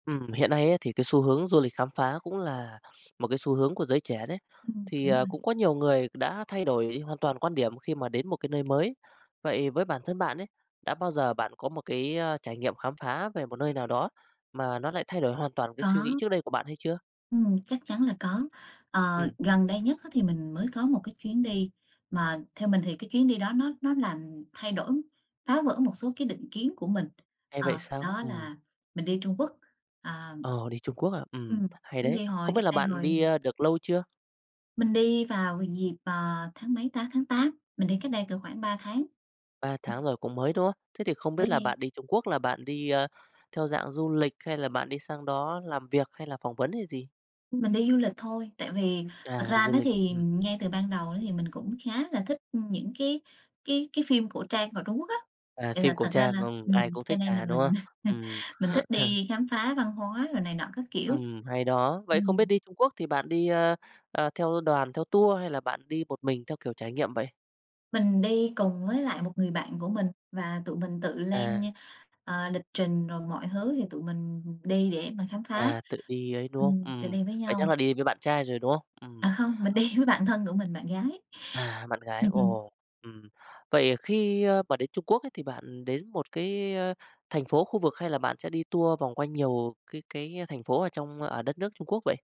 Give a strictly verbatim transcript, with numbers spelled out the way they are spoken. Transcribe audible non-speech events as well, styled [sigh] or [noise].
Ừm, hiện nay á, thì cái xu hướng du lịch khám phá cũng là x một cái xu hướng của giới trẻ đấy, Ừm, thì, đúng à, rồi. cũng có nhiều người đã thay đổi hoàn toàn quan điểm khi mà đến một cái nơi mới. Vậy với bản thân bạn ấy, đã bao giờ bạn có một cái, ơ, trải nghiệm khám phá về một nơi nào đó mà nó lại thay đổi hoàn toàn cái suy nghĩ Có. trước đây của bạn hay chưa? Ừm, chắc chắn là có. Ờ, Ừm. gần đây nhất á thì mình mới có một cái chuyến đi, mà theo mình thì cái chuyến đi đó nó nó làm thay đổi, phá vỡ một số cái định kiến của mình, Hay vậy ờ, sao? đó Ừm. là mình đi Trung Quốc, à Ờ, đi Trung Quốc, à, ừm, Ừm, hay chuyến đấy. đi hồi Không biết cách là đây bạn đi, hồi a, được lâu chưa? Mình đi vào h dịp, à, tháng mấy ta, tháng Tám, mình đi cách đây cỡ khoảng ba tháng. Ba Ừm. tháng rồi, cũng mới, đúng không? Thế thì không Mới biết là đi. bạn đi Trung Quốc là bạn đi, ơ, theo dạng du lịch hay là bạn đi sang đó làm việc hay là phỏng vấn hay gì? Ưm, mình đi du lịch thôi, tại vì thật À, đi ra du đó lịch, thì ừm. ngay từ ban đầu đó thì mình cũng khá là thích, ưm, những cái cái cái phim cổ trang của Trung Quốc á. À, Vậy phim là cổ thật ra trang, là ừm, ai ừm, cũng cho thích, nên là à, đúng không? mình [laughs] Ừm. mình thích [chuckles] đi khám phá văn hóa rồi này nọ, các kiểu. Ừm, hay đó. Vậy không biết Ừm. đi Trung Quốc thì bạn đi, ơ, à, theo đoàn, theo tour hay là bạn đi một mình theo kiểu trải nghiệm vậy? Mình đi cùng với lại một người bạn của mình và tụi mình tự lên À. nh ờ, lịch trình rồi mọi thứ thì tụi mình, ừm, ừm, đi để mà khám phá, À, tự đi ấy, đúng không? ừm, tự Ừm, đi với vậy chắc nhau. là đi với bạn trai rồi, đúng không? Ừm. À, hông, mình đi với bạn thân của mình, bạn gái. À, bạn gái, [laughs] ồ, ừm. Vậy, ờ, khi, ơ, mà đến Trung Quốc ấy thì bạn đến một cái, ơ, thành phố, khu vực hay là bạn sẽ đi tour vòng quanh nhiều cái cái thành phố ở trong ở đất nước Trung Quốc vậy?